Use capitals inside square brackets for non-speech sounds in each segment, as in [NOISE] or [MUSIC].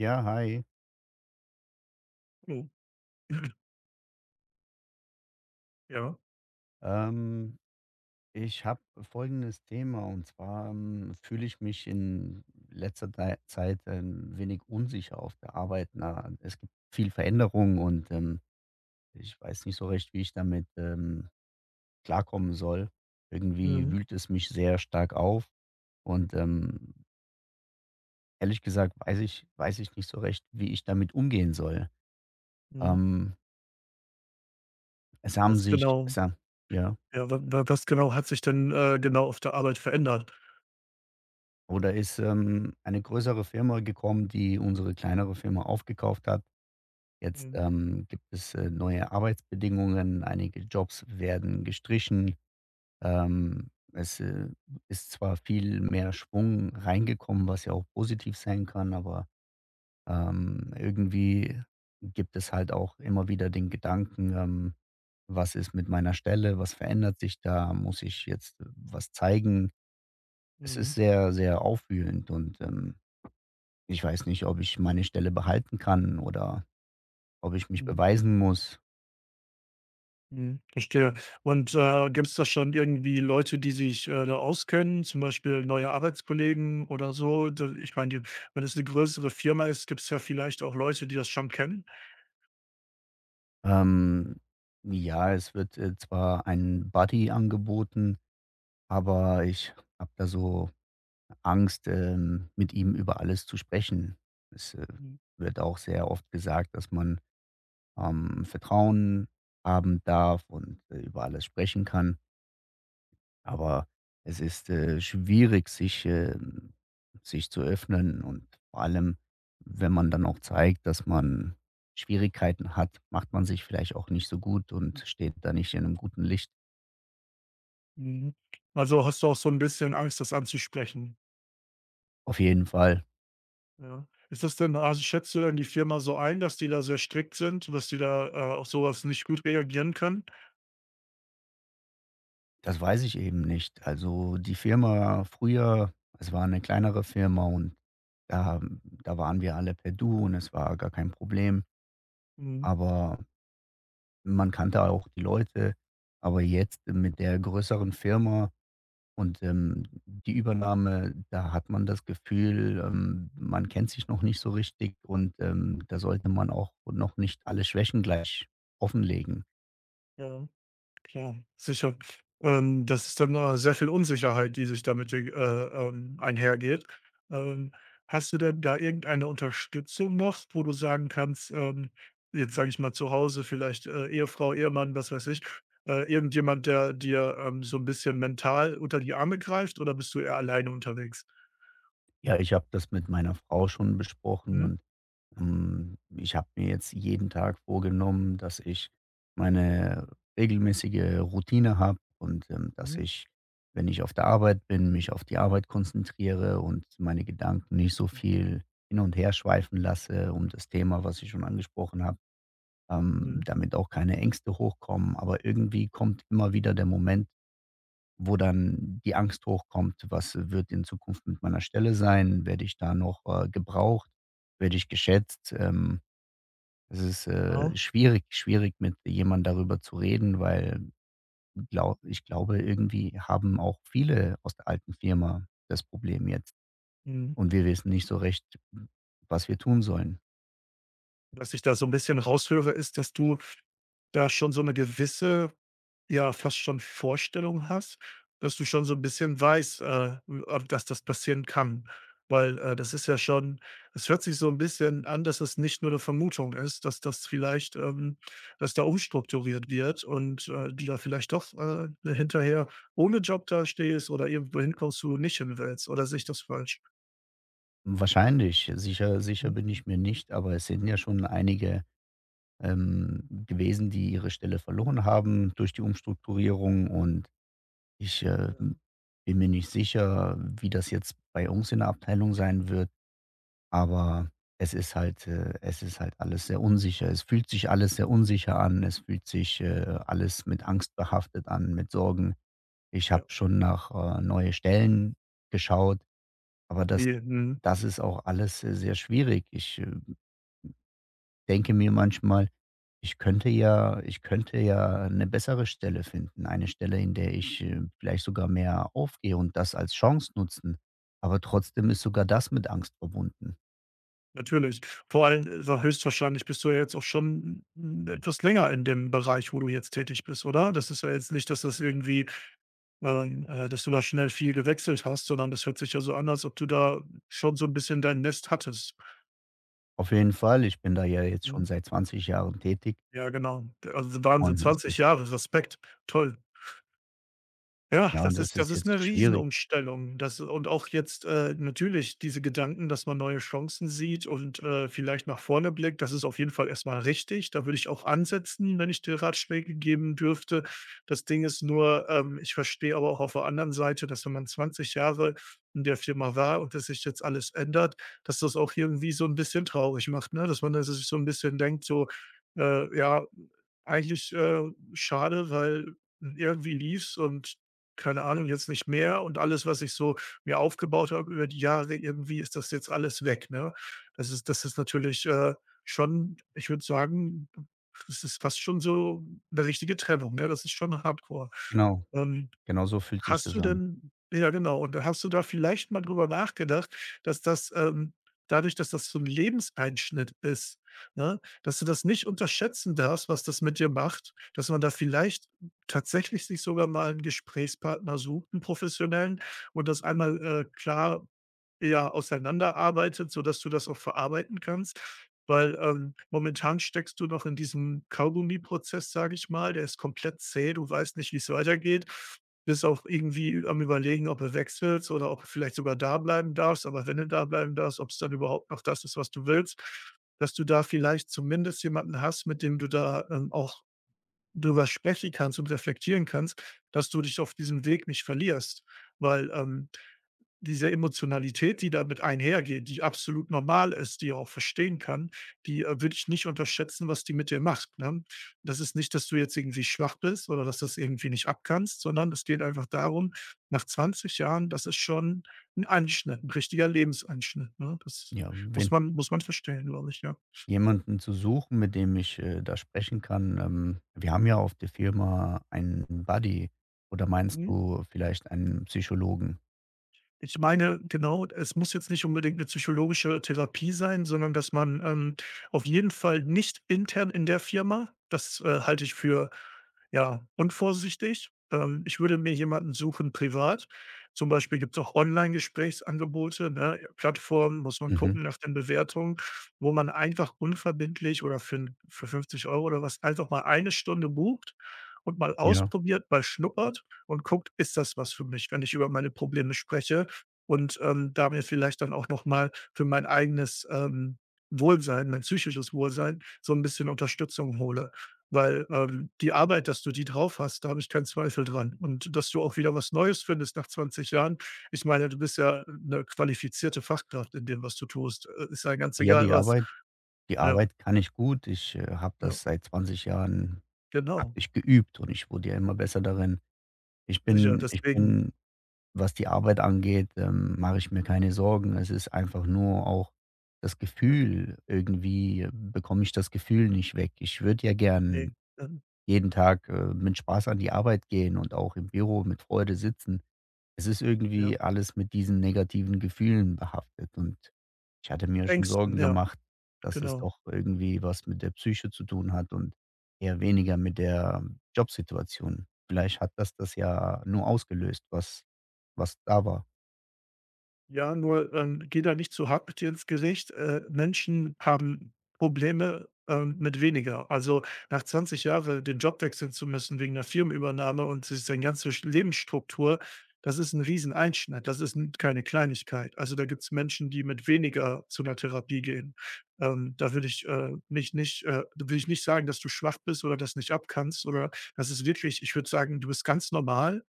Ja, hi. [UNINTELLIGIBLE] [CLEARS THROAT] Ja? Ähm, ich habe folgendes Thema. Und zwar, ähm, fühle ich mich in letzter dei Zeit ein wenig unsicher auf der Arbeit. Na, äh, es gibt viel Veränderung und, ähm, ich weiß nicht so recht, wie ich damit, ähm, klarkommen soll. Irgendwie Mhm. wühlt es mich sehr stark auf und, ähm ehrlich gesagt weiß ich weiß ich nicht so recht, wie ich damit umgehen soll. Mhm. Ähm es haben Was sich genau es ha ja? ja, wa wa was genau hat sich denn, äh, genau auf der Arbeit verändert? Oh, da ist, ähm, eine größere Firma gekommen, die unsere kleinere Firma aufgekauft hat. Jetzt, Mhm. ähm, gibt es, äh, neue Arbeitsbedingungen, einige Jobs werden gestrichen. Ähm, es, äh, ist zwar viel mehr Schwung reingekommen, was ja auch positiv sein kann, aber, ähm, irgendwie gibt es halt auch immer wieder den Gedanken, ähm: „Was ist mit meiner Stelle? Was verändert sich da? Muss ich jetzt was zeigen?“ Es ist Mhm. sehr, sehr aufwühlend und, ähm, ich weiß nicht, ob ich meine Stelle behalten kann oder ob ich mich Mhm. beweisen muss. Mhm, verstehe. Und, äh, gibt's da schon irgendwie Leute, die sich, äh, da auskennen? Zum Beispiel neue Arbeitskollegen oder so? D ich meine die wenn es 'ne größere Firma ist, gibt's ja vielleicht auch Leute, die das schon kennen. Ähm, ja, es wird, äh, zwar ein Buddy angeboten, aber ich habe da so Angst, ähm, mit ihm über alles zu sprechen. Es, äh, Mhm. wird auch sehr oft gesagt, dass man, ähm, Vertrauen haben darf und, äh, über alles sprechen kann aber es ist, äh, schwierig, sich, ähm sich zu öffnen. Und vor allem, wenn man dann auch zeigt, dass man Schwierigkeiten hat, macht man sich vielleicht auch nicht so gut und steht da nicht in 'nem guten Licht. Mhm. Also, hast du auch so 'n bisschen Angst, das anzusprechen? Auf jeden Fall. Ja. Ist das denn also, schätzt du denn die Firma so ein, dass die da sehr strikt sind, dass die da, äh, auf so was nicht gut reagieren können? Das weiß ich eben nicht, also, die Firma früher es war 'ne kleinere Firma und da da waren wir alle per Du und es war gar kein Problem, Mhm. aber man kannte auch die Leute. Aber jetzt mit der größeren Firma und, ähm, die Übernahme, da hat man das Gefühl, ähm, man kennt sich noch nicht so richtig und, ähm, da sollte man auch noch nicht alle Schwächen gleich offenlegen. Ja, klar, sicher, ähm, das ist dann no äh, sehr viel Unsicherheit, die sich damit, äh, ähm, einhergeht. Ähm, hast du denn da irgendeine Unterstützung noch, wo du sagen kannst, ähm jetzt sage ich mal zu Hause, vielleicht, äh, Ehefrau, Ehemann, was weiß ich, äh, irgendjemand, der dir, ähm, so 'n bisschen mental unter die Arme greift, oder bist du eher alleine unterwegs? Ja, ich habe das mit meiner Frau schon besprochen Mhm. und, hm, ich habe mir jetzt jeden Tag vorgenommen, dass ich meine regelmäßige Routine habe und, ähm, dass Mhm. ich, wenn ich auf der Arbeit bin, mich auf die Arbeit konzentriere und meine Gedanken nicht so viel hin und her schweifen lasse um das Thema, was ich schon angesprochen habe, ähm, Mhm. damit auch keine Ängste hochkommen. Aber irgendwie kommt immer wieder der Moment, wo dann die Angst hochkommt: „Was wird in Zukunft mit meiner Stelle sein? Werde ich da noch, äh, gebraucht? Werde ich geschätzt?” Ähm, es ist, äh, Ah. schwierig schwierig, mit jemandem darüber zu reden, weil glau ich glaube, irgendwie haben auch viele aus der alten Firma das Problem jetzt Mhm. und wir wissen nicht so recht, w was wir tun sollen. Was ich da so 'n bisschen raus höre, ist, dass du da schon so 'ne gewisse ja, fast schon Vorstellung hast, dass du schon so 'n bisschen weißt, äh, w ah, dass das passieren kann, weil, äh, das ist ja schon es hört sich so 'n bisschen an, dass es nicht nur 'ne Vermutung ist, dass das vielleicht, ähm dass da umstrukturiert wird und, äh, du da vielleicht doch, äh, ne, hinterher ohne Job da stehst oder irgendwo hinkommst, wo du nicht hin willst. Oder sehe ich das falsch? Hm, wahrscheinlich. Sicher sicher Mhm. bin ich mir nicht, aber es sind ja schon einige, ähm, gewesen, die ihre Stelle verloren haben durch die Umstrukturierung. Und ich, Ja. ähm, bin mir nicht sicher, wie das jetzt bei uns in der Abteilung sein wird, aber es ist halt, äh es ist halt alles sehr unsicher. Es fühlt sich alles sehr unsicher an. Es fühlt sich, äh, alles mit Angst behaftet an, mit Sorgen. Ich Ja. habe schon nach, äh, neue Stellen geschaut, aber Oh das je, mhm. das ist auch alles, äh, sehr schwierig. Ich, äh, denke mir manchmal: „Ich könnte ja ich könnte ja 'ne bessere Stelle finden. Eine Stelle, in der ich, äh, vielleicht sogar mehr aufgehe und das als Chance nutzen.“ Aber trotzdem ist sogar das mit Angst verbunden. Natürlich. Vor allem, äh, ja, höchstwahrscheinlich bist du ja jetzt auch schon n n etwas länger in dem Bereich, wo du jetzt tätig bist, oder? Das ist ja jetzt nicht, dass das irgendwie ähm, äh, dass du da schnell viel gewechselt hast, sondern das hört sich ja so an, als ob du da schon so 'n bisschen dein Nest hattest. Auf jeden Fall. Ich bin da ja jetzt schon Mhm. seit 20 Jahren tätig Ja, genau. D also, Wahnsinn, und es 20 ist Jahre. Respekt. Toll. Ja, ja, und das ist das das ist ist 'ne jetzt schwierig. Riesenumstellung. Das und auch jetzt, äh, natürlich diese Gedanken, dass man neue Chancen sieht und, äh, vielleicht nach vorne blickt. Das ist auf jeden Fall erst mal richtig, da würde ich auch ansetzen, wenn ich dir Ratschläge geben dürfte. Das Ding ist nur, ähm, ich verstehe aber auch auf der anderen Seite, dass, wenn man 20 Jahre in der Firma war und das sich jetzt alles ändert, dass das auch irgendwie so 'n bisschen traurig macht, ne? Dass man da sich so 'n bisschen denkt so, äh: „Ja, eigentlich, äh, schade, weil irgendwie lief's und keine Ahnung, jetzt nicht mehr und alles, was ich so mir aufgebaut habe über die Jahre, irgendwie ist das jetzt alles weg”, ne? Das ist das ist natürlich, äh, schon, ich würde sagen, b das ist fast schon so 'ne richtige Trennung, ne, das ist schon Hardcore. Genau, Ähm, genau so fühlt sich hast das du an. denn ja, genau, und hast du da vielleicht mal drüber nachgedacht, dass das, ähm dadurch, dass das so 'n Lebenseinschnitt ist, ne, dass du das nicht unterschätzen darfst, was das mit dir macht? Dass man da vielleicht tatsächlich sich sogar mal 'n Gesprächspartner sucht, 'n professionellen, und das einmal, äh, klar, ja, auseinanderarbeitet, sodass du das auch verarbeiten kannst, weil, ähm, momentan steckst du noch in diesem Kaugummiprozess, sage ich mal, der ist komplett zäh. Du weißt nicht, wie's weitergeht, bist auch irgendwie am Überlegen, ob du wechselst oder ob du vielleicht sogar da bleiben darfst, aber wenn du da bleiben darfst, ob's dann überhaupt noch das ist, was du willst. Dass du da vielleicht zumindest jemanden hast, mit dem du da, ähm, auch drüber sprechen kannst und reflektieren kannst, dass du dich auf diesem Weg nicht verlierst, weil, ähm, diese Emotionalität, die damit einhergeht, die absolut normal ist, die auch verstehen kann, die, äh, würde ich nicht unterschätzen, was die mit dir macht, ne? Das ist nicht, dass du jetzt irgendwie schwach bist oder dass du's irgendwie nicht abkannst, sondern es geht einfach darum, nach 20 Jahren, das ist schon 'n Einschnitt, 'n richtiger Lebenseinschnitt, ne? Das Ja, muss wenn man muss man verstehen, glaube ich, ja. Jemanden zu suchen, mit dem ich, äh, da sprechen kann, ähm, wir haben ja auf der Firma einen Buddy oder meinst Mhm. du vielleicht einen Psychologen? Ich meine, genau, es muss jetzt nicht unbedingt 'ne psychologische Therapie sein, sondern dass man, ähm auf jeden Fall nicht intern in der Firma. Das, äh, halte ich für, ja, unvorsichtig. Ähm, ich würde mir jemanden suchen privat. Zum Beispiel gibt's auch Online-Gesprächsangebote, ne, Plattformen, muss man Mhm. gucken nach den Bewertungen, wo man einfach unverbindlich oder für 'n für 50 € oder was einfach mal 1 Stunde bucht und mal Ja. ausprobiert, mal schnuppert und guckt: „Ist das was für mich, wenn ich über meine Probleme spreche?“, und, ähm, da mir vielleicht dann auch noch mal für mein eigenes, ähm, Wohlsein mein psychisches Wohlsein, so 'n bisschen Unterstützung hole. Weil, ähm, die Arbeit, dass du die drauf hast, da habe ich keinen Zweifel dran. Und dass du auch wieder was Neues findest nach 20 Jahren. Ich meine, du bist ja 'ne qualifizierte Fachkraft in dem, was du tust. Äh, ist ja ganz Ja, egal die was. Arbeit die Ja. Arbeit kann ich gut. Ich, äh, habe Ja. das seit 20 Jahren habe Genau. ich geübt und ich wurde ja immer besser darin. Ich Sicher, bin ich deswegen bin was die Arbeit angeht, ähm, mache ich mir keine Sorgen. Es ist einfach nur auch das Ja. Gefühl, irgendwie bekomme ich das Gefühl nicht weg. Ich würde ja gern Ne, mhm. jeden Tag, äh, mit Spaß an die Arbeit gehen und auch im Büro mit Freude sitzen. Es ist irgendwie Ja. alles mit diesen negativen Gefühlen behaftet und ich hatte Mit mir schon Ängsten, Sorgen ja, gemacht, dass es genau. doch irgendwie was mit der Psyche zu tun hat und eher weniger mit der Jobsituation. Vielleicht hat das das ja nur ausgelöst, was was da war. Ja, nur, ähm, gehe da nicht zu hart mit dir ins Gericht, äh, Menschen haben Probleme, ähm, mit weniger. Also, nach 20 Jahre den Job wechseln zu müssen wegen 'ner Firmenübernahme und s sein ganze Lebensstruktur, das ist 'n riesen Einschnitt, das ist 'n keine Kleinigkeit. Also, da gibt's Menschen, die mit weniger zu 'ner Therapie gehen, ähm, da würde ich, äh, mich nicht äh, da würde ich nicht sagen, dass du schwach bist oder das nicht abkannst oder das ist wirklich ich würde sagen, du bist ganz normal.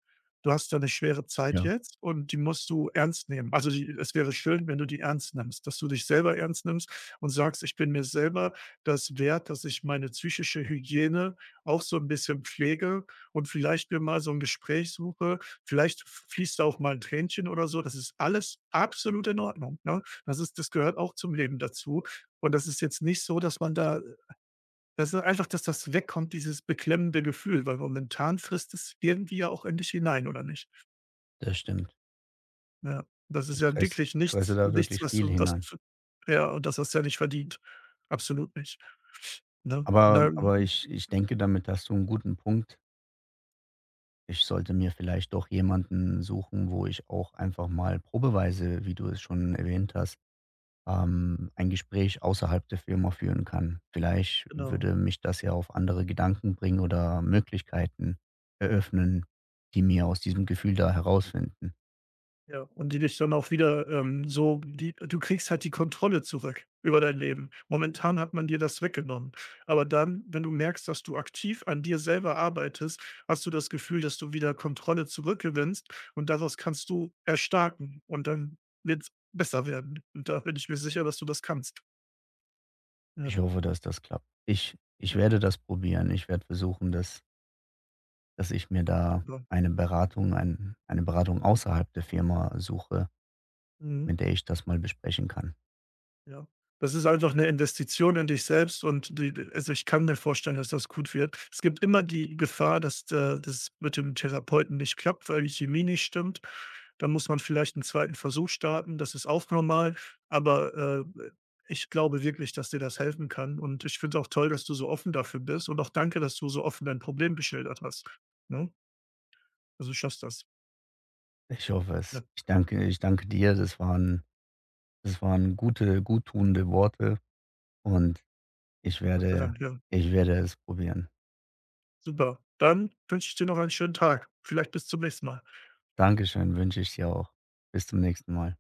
Du hast da 'ne schwere Zeit Ja. jetzt und die musst du ernst nehmen, also, die e es wäre schön, wenn du die ernst nimmst, dass du dich selber ernst nimmst und sagst: „Ich bin mir selber das wert, dass ich meine psychische Hygiene auch so 'n bisschen pflege und vielleicht mir mal so 'n Gespräch suche.“ Vielleicht f fließt da auch mal 'n Tränchen oder so, das ist alles absolut in Ordnung, ne? Das ist das gehört auch zum Leben dazu und das ist jetzt nicht so, dass man da, äh weißt du, einfach, dass das wegkommt, dieses beklemmende Gefühl, weil momentan frisst es irgendwie ja auch in dich hinein oder nicht? Das stimmt. Ja, das ist Ich ja fress wirklich ich fresse nichts da nichts, wirklich was viel du was hinein. d ja, und das hast du ja nicht verdient, absolut nicht, ne? Aber Na aber [UNINTELLIGIBLE] ich ich denke, damit hast du 'n guten Punkt. Ich sollte mir vielleicht doch jemanden suchen, wo ich auch einfach mal probeweise, wie du es schon erwähnt hast, ähm, ein Gespräch außerhalb der Firma führen kann. Vielleicht Genau. würde mich das ja auf andere Gedanken bringen oder Möglichkeiten eröffnen, die mir aus diesem Gefühl da herausfinden. Ja, und die dich dann auch wieder ähm, so die du kriegst halt die Kontrolle zurück über dein Leben. Momentan hat man dir das weggenommen, aber dann, wenn du merkst, dass du aktiv an dir selber arbeitest, hast du das Gefühl, dass du wieder Kontrolle zurückgewinnst, und daraus kannst du erstarken und dann wird's besser werden. Da bin ich mir sicher, dass du das kannst. Ja. Ich hoffe, dass das klappt. Ich ich Ja. werde das probieren, ich werde versuchen, dass dass ich mir da Super. eine Beratung ein eine Beratung außerhalb der Firma suche, Mhm. mit der ich das mal besprechen kann. Ja, das ist einfach 'ne Investition in dich selbst und die also, ich kann mir vorstellen, dass das gut wird. Es gibt immer die Gefahr, dass d äh, das mit dem Therapeuten nicht klappt, weil die Chemie nicht stimmt. Da muss man vielleicht 'n 2. Versuch starten, das ist auch normal, aber, äh, äh, ich glaube wirklich, dass dir das helfen kann, und ich finde es auch toll, dass du so offen dafür bist, und auch danke, dass du so offen dein Problem geschildert hast, ne? Also, du schaffst das. Ich hoffe es. Ja. Ich danke ich danke dir. Das waren das waren gute guttuende Worte und ich Gott sei werde Dank, ja. ich werde es probieren. Super, dann wünsche ich dir noch einen schönen Tag. Vielleicht bis zum nächsten Mal. Danke schön, wünsche ich dir auch. Bis zum nächsten Mal.